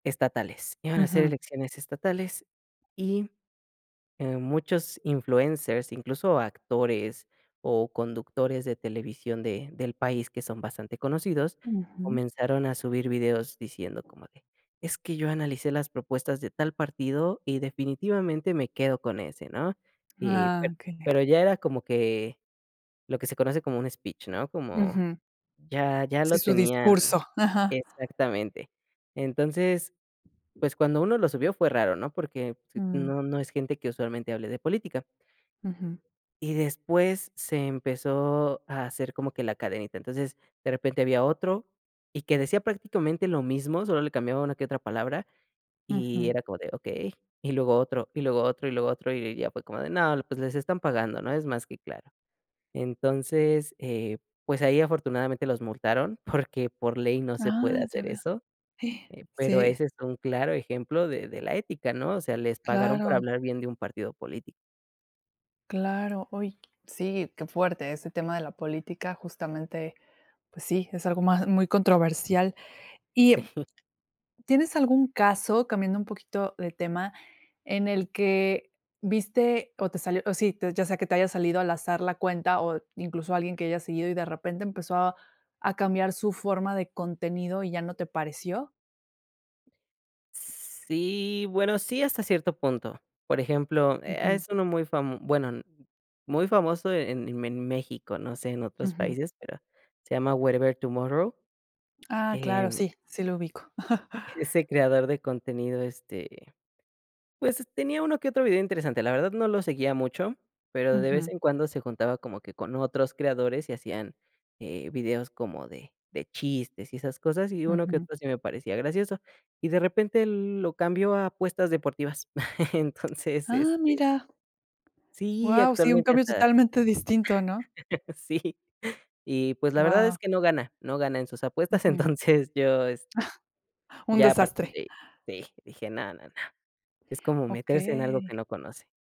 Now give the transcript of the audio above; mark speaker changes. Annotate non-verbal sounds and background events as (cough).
Speaker 1: Estatales, iban a ser
Speaker 2: Ujú.
Speaker 1: elecciones estatales y, eh, muchos influencers, incluso actores o conductores de televisión de del país que son bastante conocidos,
Speaker 2: Ujú.
Speaker 1: comenzaron a subir videos diciendo como de: "Es que yo analicé las propuestas de tal partido y definitivamente me quedo con ese", ¿no?, eh,
Speaker 2: Ah,
Speaker 1: pero
Speaker 2: genial.
Speaker 1: pero ya era como que lo que se conoce como un speech, ¿no?, como
Speaker 2: Ujú.
Speaker 1: ya ya
Speaker 2: Sí,
Speaker 1: lo
Speaker 2: su
Speaker 1: tenían
Speaker 2: discurso, ajá.
Speaker 1: Exactamente, entonces, pues, cuando uno lo subió fue raro, ¿no?, porque
Speaker 2: Mm.
Speaker 1: no, no es gente que usualmente hable de política.
Speaker 2: Ujú.
Speaker 1: Y después se empezó a hacer como que la cadenita, entonces, de repente había otro y que decía prácticamente lo mismo, solo le cambiaba una que otra palabra y
Speaker 2: Ujú.
Speaker 1: era como de: "Okey", y luego otro, y luego otro, y luego otro, y y ya fue como de: "No, pues, les están pagando, ¿no?, es más que claro", entonces, eh, pues, ahí afortunadamente los multaron porque por ley no se puede
Speaker 2: Ah, ya
Speaker 1: hacer
Speaker 2: veo.
Speaker 1: eso,
Speaker 2: (gasps)
Speaker 1: eh, pero
Speaker 2: Sí.
Speaker 1: ese es un claro ejemplo de de la ética, ¿no?, o sea, les pagaron por
Speaker 2: Claro.
Speaker 1: hablar bien de un partido político.
Speaker 2: Claro, uy, sí, qué fuerte ese tema de la política, justamente, pues sí, es algo más muy controversial, y,
Speaker 1: Sí.
Speaker 2: ¿tienes algún caso, cambiando un poquito de tema, en el que viste o te salió o si, ya sea que te haya salido al azar la cuenta o incluso alguien que hayas seguido y de repente empezó a a cambiar su forma de contenido y ya no te pareció?
Speaker 1: Sí bueno, sí, hasta cierto punto, por ejemplo, e
Speaker 2: Ujú.
Speaker 1: es uno muy fam bueno, muy famoso en en en México, no sé en otros
Speaker 2: Ujú.
Speaker 1: países, pero se llama Werevertumorro,
Speaker 2: Ah,
Speaker 1: eh
Speaker 2: claro, sí, sí lo ubico. (chuckles)
Speaker 1: ese creador de contenido, este, pues, tenía uno que otro video interesante, la verdad no lo seguía mucho, pero de vez
Speaker 2: Ujú.
Speaker 1: en cuando se juntaba como que con otros creadores y hacían, eh, videos como de de chistes y esas cosas y uno que
Speaker 2: Ujú.
Speaker 1: otro sí me parecía gracioso, y de repente lo cambió a apuestas deportivas, (chuckles) entonces,
Speaker 2: Ah,
Speaker 1: este
Speaker 2: mira.
Speaker 1: Sí,
Speaker 2: Guau, sí, un
Speaker 1: actualmente
Speaker 2: cambio
Speaker 1: hasta
Speaker 2: totalmente distinto, ¿no?
Speaker 1: (chuckles) Sí, y, pues, la verdad
Speaker 2: Guau.
Speaker 1: es que no gana, no gana en sus
Speaker 2: Ujú.
Speaker 1: apuestas,
Speaker 2: (chuckles)
Speaker 1: entonces, yo, este,
Speaker 2: Un
Speaker 1: ya a partir
Speaker 2: desastre.
Speaker 1: de ahí dije: "No, no, no", es como meterse en algo
Speaker 2: Okey.
Speaker 1: que no conoce.